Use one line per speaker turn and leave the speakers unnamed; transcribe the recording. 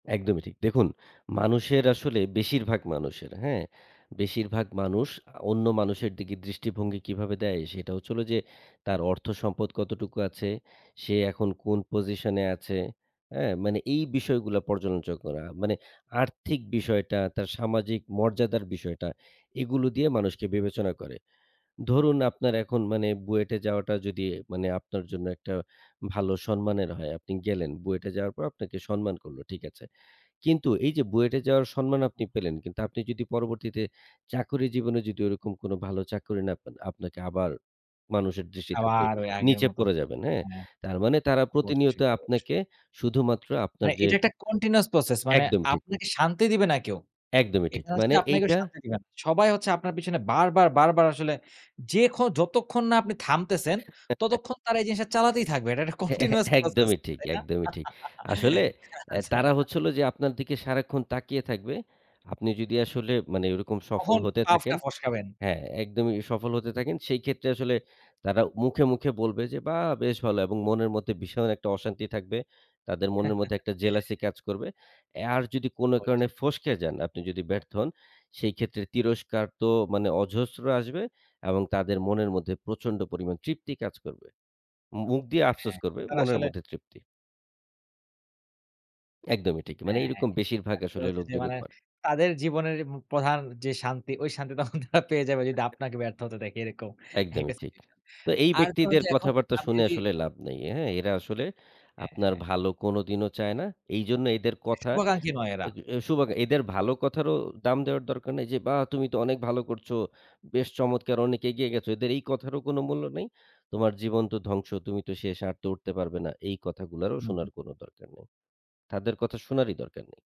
একদমই ঠিক। দেখুন মানুষের আসলে বেশিরভাগ মানুষের, হ্যাঁ? বেশিরভাগ মানুষ আ অন্য মানুষের দিকে দৃষ্টিভঙ্গি কিভাবে দেয় সেটা হচ্ছে হল যে, তার অর্থসম্পদ কতটুকু আছে, সে এখন কোন position এ আছে, এ? মানে এই বিষয়গুলা পর্যালোচনা করা। মানে আর্থিক বিষয়টা তার সামাজিক মর্যাদার বিষয়টা এগুলো দিয়ে মানুষকে বিবেচনা করে। ধরুন আপনার এখন মানে বুয়েটে যাওয়াটা যদি মানে আপনার জন্য একটা ভালো সম্মানের হয়। আপনি গেলেন বুয়েটে যাওয়ার পর আপনাকে সম্মান করলো। ঠিক আছে। কিন্তু এইযে বুয়েটে যাওয়ার সম্মান
উ,
আপনি
হুম।
পেলেন কিন্তু আপনি যদি পরবর্তীতে চাকরি জীবনে যদি ওরকম কোন ভালো চাকরি না পান আপনাকে আবার মানুষের দৃষ্টিতে আপনি
আবার ওই আগের
নিচে
মতো।
পড়ে যাবেন, হ্যাঁ?
হ্যাঁ।
তার মানে তারা প্রতিনিয়ত
অবশ্যই, অবশ্যই।
আপনাকে শুধুমাত্র আপনার
মানে
যে
এটা একটা continuous process মানে
একদম ঠিক।
আপনাকে শান্তি দিবে না কেউ।
একদমই ঠিক।
এখানে হচ্ছে
মানে
যে, আপনাকে কেউ
এইটা
শান্তি দিবে না। সবাই হচ্ছে আপনার পেছনে বারবার বারবার আসলে যে, ক্ষ যতক্ষণ না আপনি থামতেছেন, ততক্ষণ তারা এই জিনিসটা চালাতেই থাকবে। এটা একটা
হ্যাঁ, এ
continuous process
একদমই ঠিক
তাই না?
একদমই ঠিক। আসলে এ
আচ্ছা।
তারা হচ্ছে হল যে, আপনার দিকে সারাক্ষণ তাকিয়ে থাকবে। আপনি যদি আসলে মানে ওরকম সফল
কখন
হতে থাকেন
পাটা ফস্কাবেন।
হ্যাঁ, একদমই। সফল হতে থাকেন সেইক্ষেত্রে আসলে তারা মুখে, মুখে বলবে যে, "বাহ! বেশ ভালো," এবং মনের মধ্যে ভীষণ একটা অশান্তি থাকবে। তাদের মনের মধ্যে একটা jealousy কাজ করবে। এ আর যদি কোন কারণে
হচ্ছে।
ফসকে যান, আপনি যদি ব্যর্থ হন, সেইক্ষেত্রে তিরস্কার তো মানে অজস্র আসবে এবং তাদের মনের মধ্যে প্রচন্ড পরিমাণ তৃপ্তি কাজ করবে। মু মুখ দিয়ে আফসোস
হ্যাঁ,
করবে
তারা
মনের
আসলে
মধ্যে তৃপ্তি। একদমই ঠিক। মানে
হ্যাঁ, হ্যাঁ।
এরকম
এটা
বেশিরভাগ
আসলে
আসলে
হচ্ছে যে,
লোকজনই
মানে
করে।
তাদের জীবনের উম প্রধান যে, শান্তি ওই শান্তি তখন তারা পেয়ে যাবে যদি
[unintelligible]
আপনাকে ব্যর্থ হতে দেখে এরকম
একদমই
একটা
ঠিক।
situation এ।
তো এই
আর ধরুন
ব্যক্তিদের
যে, এখন
কথাবার্তা
আমি
শুনে
যদি
আসলে লাভ নেই। হ্যাঁ? এরা আসলে
হ্যাঁ,
আপনার
হ্যাঁ।
ভালো কোনদিনও চায় না। এইজন্য এদের কথা
শুভাকাঙ্খী নয় এরা।
অ্যাদ শুভাগ এদের ভালো কথারও দাম দেওয়ার দরকার নাই যে, "বাহ! তুমি তো অনেক ভালো করছো। বেশ চমৎকার অনেক এগিয়ে গেছো।" এদের এই কথারও কোন মূল্য নেই। "তোমার জীবন তো ধ্বংস তুমি তো শেষ। আর তো উঠতে পারবে না।" এই কথাগুলারও
হুম,
শোনার
হুম।
কোন দরকার নেই। তাদের কথা শোনারই দরকার নেই।